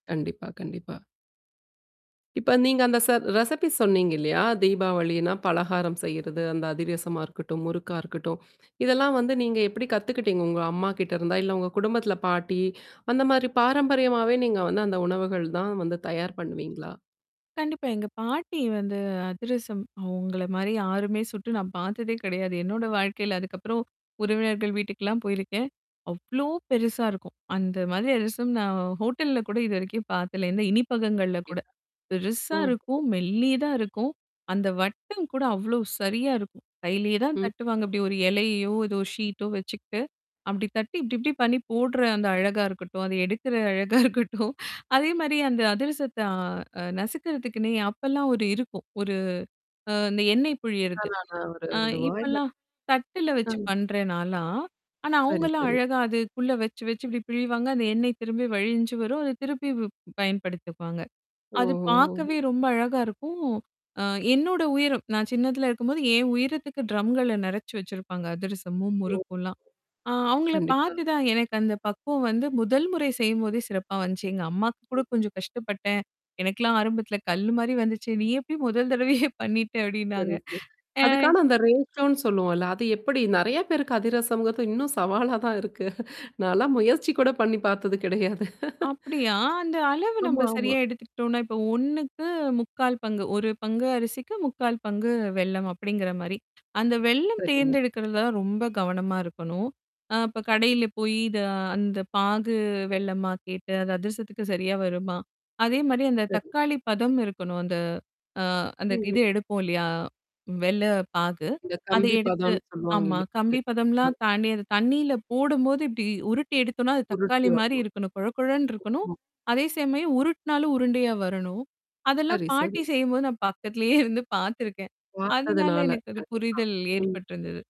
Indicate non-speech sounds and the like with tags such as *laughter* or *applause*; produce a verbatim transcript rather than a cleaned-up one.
கண்டிப்பா, கண்டிப்பா. இப்ப நீங்க அந்த ச ரெசபி சொன்னீங்க இல்லையா? தீபாவளின்னா பலகாரம் செய்றது, அந்த அதிரசமா இருக்கட்டும், முறுக்கா இருக்கட்டும். *inhales* இதெல்லாம் வந்து நீங்க எப்படி கத்துக்கிட்டீங்க? உங்க அம்மாகிட்ட இருந்தா? இல்ல உங்க குடும்பத்துல பாட்டி, *inhales* அந்த மாரி பாரம்பரியமாவே நீங்க வந்து அந்த உணவுகள் தான் வந்து தயார் பண்ணுவீங்களா? கண்டிப்பா. எங்க பாட்டி வந்து அதிரசம் அவங்கள மாரி யாருமே சுட்டு நான் பாத்ததே கிடையாது. என்னோட வாழ்க்கையில அதுக்கப்புறம் உறவினர்கள் வீட்டுக்கெல்லாம் போயிருக்கேன். அவ்ளோ பெருசா இருக்கும். அந்த மாதிரி அதிரசம் நான் ஹோட்டல்ல கூட இதுவரைக்கும் பார்த்தல இந்த இனிப்பகங்கள்ல கூட. *unintelligible* பெருசா ம். இருக்கும். மெல்லிதா இருக்கும். அந்த வட்டம் கூட அவ்ளோ சரியா இருக்கும். கையிலயே தான் ம். தட்டுவாங்க. இப்டி ஒரு எலையையோ ஏதோ ஷீட்டோ வச்சுக்கிட்டு. அப்டி தட்டி இப்டி, இப்டி பண்ணி போடுற அந்த அழகா இருக்கட்டும், அத எடுக்கற அழகா இருக்கட்டும். அதே மாரி அந்த அதிரசத்த அ நசுக்குறதுக்குன்னே அப்பல்லாம் ஒரு இருக்கும். ஒரு அந்த அ எண்ணெய் புழியிறது. ஆனா நான் ஒரு ஆ இது வாயல இப்பல்லாம். தட்டல வச்சு அம். பண்றேன் நாலாம். ஆனா, சரி, அவங்கலாம் சரி. அழகா அதுக்குள்ள வச்சு, வச்சு இப்டி பிழிவாங்க, அந்த எண்ணெய் திரும்பி வழிஞ்சு வரும். அத திருப்பி பயன்படுத்துக்குவாங்க. அது பாக்கவே ஓ! ரொம்ப அழகா இருக்கும். அ என்னோட உயிரம். நான் சின்னதல இருக்கும்போது என் உயிரத்துக்கு ட்ரம்கள நிறச்சு வச்சிருப்பாங்க. அதிரசமும், ஓ. முறுக்கும்லாம். ஆ அவுங்கள கண்டிப்பா. பாத்து தான் எனக்கு அந்த பக்குவம் வந்து முதல் முறை செய்யும்போதே சிறப்பா வந்துச்சு. எங்க அம்மாக்கு கூட, "கொஞ்சம் கஷ்டப்பட்டேன். எனக்குெல்லாம் ஆரம்பத்தல கல்லு மாரி வந்துச்சு. நீ எப்டி முதல் தடவையே பண்ணிட்ட?" அப்படின்னாங்க. சரிங்க. ஆ. அதுக்கான அந்த *unintelligible* சொல்லுவோம்ல்ல. அது எப்படி நெறைய பேருக்கு அதிரசம்கிறது இன்னும் சவாலா தான் இருக்கு. நான்ல்லாம் முயற்சி கூட பண்ணி பாத்தது கிடையாது. அப்படியா, அந்த அளவு நம்ப ஆமா, ஆமா. சரியா எடுத்துக்கிட்டோம்னா, இப்போ ஓண்ணுக்கு முக்கால் பங்கு, ஒரு பங்கு அரிசிக்கு, முக்கால் பங்கு வெல்லம் அப்படிங்கிற மாரி. அந்த வெல்லம் சரிங்க. தேர்ந்தெடுக்கிறது தான் ரொம்ப கவனமா இருக்கணும். அ அப்ப கடையில போயி இத அந்த பாகு வெல்லமா கேட்டு, அந்த அதிரசத்துக்கு சரியா வருமா? அதே மாரி அந்த சரி. தக்காளி பதம் இருக்கணும் அந்த அ அந்த இது ம்ஹ்ம். எடுப்போம் இல்லையா? வெல்ல பாகு. இந்த அத கம்பி எடுத்து பதன்னு சொல்லுவாங்க ஆமா இல்ல இது கம்பி பதம்லாம் *unintelligible* தாண்டி, அது தண்ணீல போடும்போது இப்டி உருட்டி எடுத்தோனா அது உருட்டு தக்காளி மாரி வரணும். இருக்கணும். கொழகழன்னு இருக்கணும். *unintelligible* அதே சமயம் உருட்னாலும் உருண்டையா வரணும். அதெல்லாம் சரி, சரி. பாட்டி செய்யும்போது நான் பக்கத்திலேயே இருந்து பாத்துருக்கேன். அதனால பாத்ததுனால எனக்கு அது கண்டிப்பா. புரிதல் ம். ஏற்பட்டிருந்தது.